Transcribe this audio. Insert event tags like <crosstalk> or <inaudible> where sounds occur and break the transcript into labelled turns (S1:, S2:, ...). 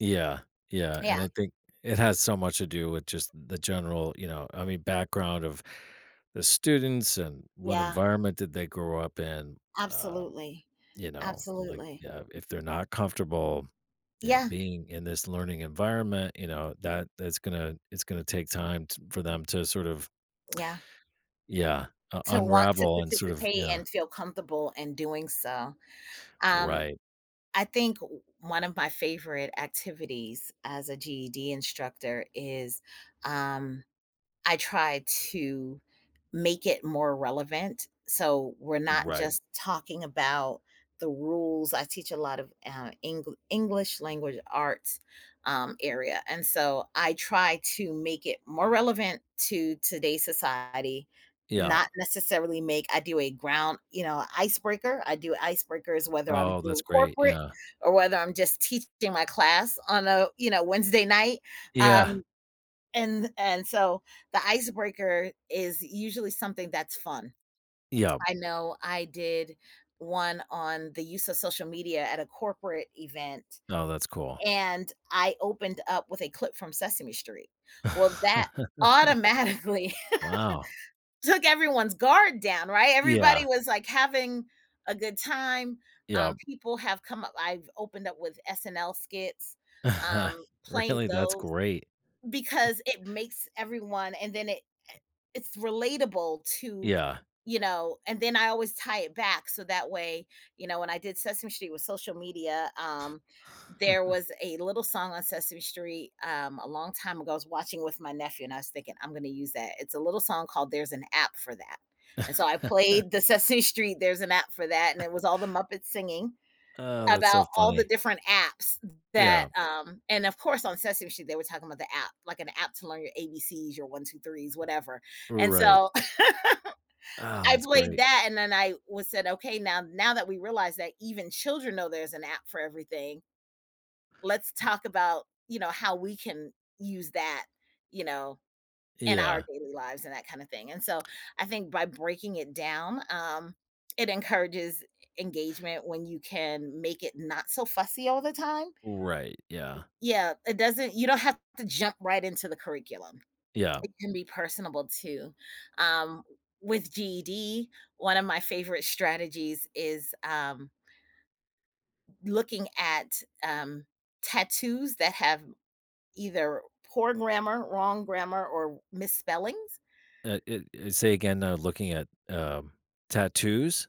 S1: Yeah, yeah, and
S2: Yeah.
S1: I think it has so much to do with, just, the general, you know, I mean, background of the students, and what
S2: Yeah.
S1: environment did they grow up in. Um,
S2: Absolutely.
S1: you know, like,
S2: Absolutely.
S1: uh, if they're not comfortable, you know,
S2: Yeah.
S1: being in this learning environment, you know, that that's gonna it's gona take time t for them to sort of
S2: Yeah.
S1: <tsk> yeah, u
S2: To want to
S1: unravel and sort of,
S2: participate
S1: yeah.
S2: and feel comfortable in doing so. Um,
S1: Right.
S2: I think one of my favorite activities, as a GED instructor is, um, I try to make it more relevant, so, we're not
S1: Right.
S2: just talking about the rules I teach a lot of, uh, Engl English, Language Arts, um, area, and, so I try to make it more relevant to today's society,
S1: Yeah.
S2: not necessarily make I do a ground you know, icebreaker, I do icebreakers whether I'm
S1: Oh,
S2: doing
S1: that's great,
S2: corporate
S1: yeah.
S2: or whether I'm just teaching my class on a, you know, Wednesday night,
S1: Yeah.
S2: um, and and, so the icebreaker is usually something that's fun.
S1: Yeah.
S2: I know I did one on the use of social media at a corporate event,
S1: Oh, that's cool.
S2: and I opened up with a clip from Sesame Street. Well, that
S1: <chuckles>
S2: automatically
S1: Wow.
S2: <chuckles> took everyone's guard down, right? Everybody
S1: Yeah.
S2: was, like, having a good time.
S1: Yep.
S2: Um, people have come u I've opened up with SNL skits,
S1: <chuckles>
S2: um, playing
S1: Really? That's
S2: those
S1: great. <chuckles>
S2: because it makes everyone and then it i it's relatable to,
S1: Yeah.
S2: you know, and then, I always tie it back so that way you know, when I did Sesame Street with social media, um, there
S1: <chuckles>
S2: was a little song on Sesame Street, um, a long time ago, I was watching with my nephew and I was thinking, "I'm gonna use that." It's a little song called There's an App for That. And, so I
S1: <chuckles>
S2: played the Sesame Street, There's an App for That, and
S1: <chuckles>
S2: it was all the Muppets singing
S1: Uh, that's so
S2: about all the
S1: funny.
S2: different apps
S1: Yeah.
S2: that, um and of course, on Sesame Street, they were talking about the app, like an app to learn your ABCs, your 1, 2, 3s whatever. And
S1: Right.
S2: so, <chuckles>
S1: Ah,
S2: I
S1: that's
S2: played
S1: great.
S2: that and then I was said, "Okay, now now that we realized that even children know there's an app for everything" "let's talk about," you know, "how we can use that," you know, "in our
S1: Yeah.
S2: daily lives," and that kinda thing, and, so I think by breaking it down, um, it encourages e engagement when you can make it not so fussy all the time.
S1: Right,
S2: W
S1: yeah.
S2: yeah, it doesn't you don't have to jump right into the curriculum.
S1: Yeah.
S2: It can be personable too. Um, with GED, one of my favorite strategies is, um looking at, um, tattoos that have either poor grammar, wrong grammar, or misspellings.
S1: Eh eh, uh, say again, uh, looking at, um, tattoos?